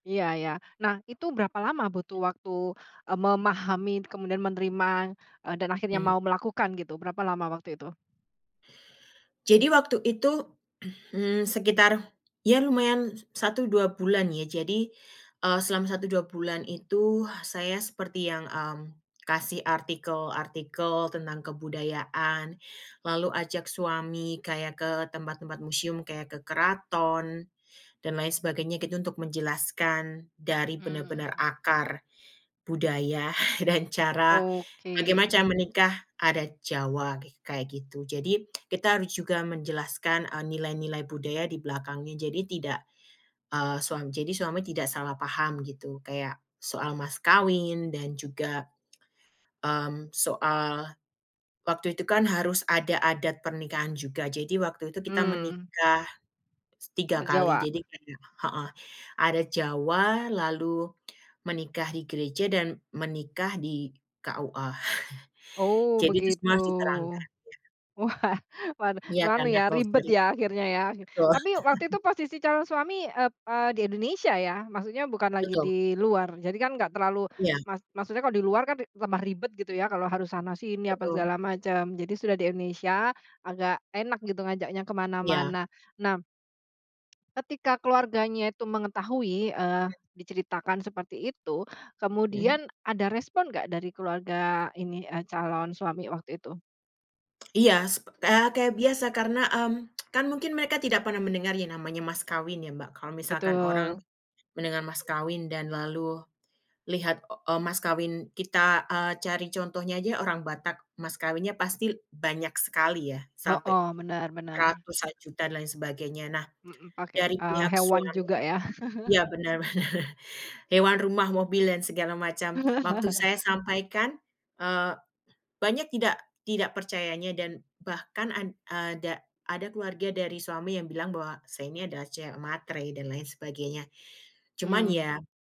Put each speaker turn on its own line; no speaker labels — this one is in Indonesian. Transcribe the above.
Iya iya. Nah, itu berapa lama butuh waktu, eee, memahami, kemudian menerima, eee, dan akhirnya
Hmm.
mau melakukan gitu, berapa lama waktu itu?
Jadi waktu itu, mmm, sekitar, ya lumayan 1-2 bulan ya, jadi, eee, selama 1-2 bulan itu saya seperti yang, mmm, kasih artikel-artikel tentang kebudayaan, lalu ajak suami kayak ke tempat-tempat museum kayak ke keraton dan lain sebagainya gitu, untuk menjelaskan dari benar-benar
Mmm.
akar budaya dan cara
Oke.
bagaimana cara menikah adat Jawa, kayak gitu. Jadi kita harus juga menjelaskan, eee, nilai-nilai budaya di belakangnya. Jadi tidak, eee, suam jadi suami tidak salah paham gitu kayak soal mas kawin dan juga, mmm, soal waktu itu kan harus ada adat pernikahan juga. Jadi waktu itu kita
Mmm.
menikah 3
Adat
kali,
Jawa?
jadi, [unintelligible] heeh, adat Jawa, lalu menikah di gereja, dan menikah di KUA.
Oh,
Jadi itu
begitu.
semua harus diterangkan ya
Wah, waduh,
Iya,
anu
karena.
ya ribet
[unintelligible]
ya akhirnya ya.
Betul.
Tapi waktu itu posisi calon suami, ep eee, di Indonesia ya? Maksudnya bukan lagi
Betul.
di luar. Jadi kan nggak terlalu
Iya.
mak maksudnya kalau di luar kan tambah ribet gitu ya kalau harus sana-sini apa
Betul.
segala macam. Jadi sudah di Indonesia, agak enak gitu ngajaknya
Iya.
kemana-mana. Nah ketika keluarganya itu mengetahui, eee,
Hmm.
diceritakan seperti itu,
Mhm.
kemudian ada respon nggak dari keluarga ini, eee, calon suami waktu itu?
Iya, sep eee, kayak biasa karena, mmm, kan mungkin mereka tidak pernah mendengar yang namanya mas kawin ya, Mbak. Kalau misalkan orang
Betul.
mendengar mas kawin dan lalu lihat, eee, mas kawin kita, eee, cari contohnya aja orang Batak, mas kawinnya pasti banyak sekali ya, sampai
Heeh, bener bener.
ratusan juta dan lain sebagainya. Nah,
Mhm, pakai
dari
eee,
pihak
hewan
suami
juga ya?
ya bener bener. Hewan, rumah, mobil, dan segala macam. Waktu saya sampaikan, eee, banyak tidak tidak percayanya dan bahkan, ad ada ada keluarga dari suami yang bilang bahwa saya ini adalah cewek matre dan lain sebagainya. Cuman
Hmm.
ya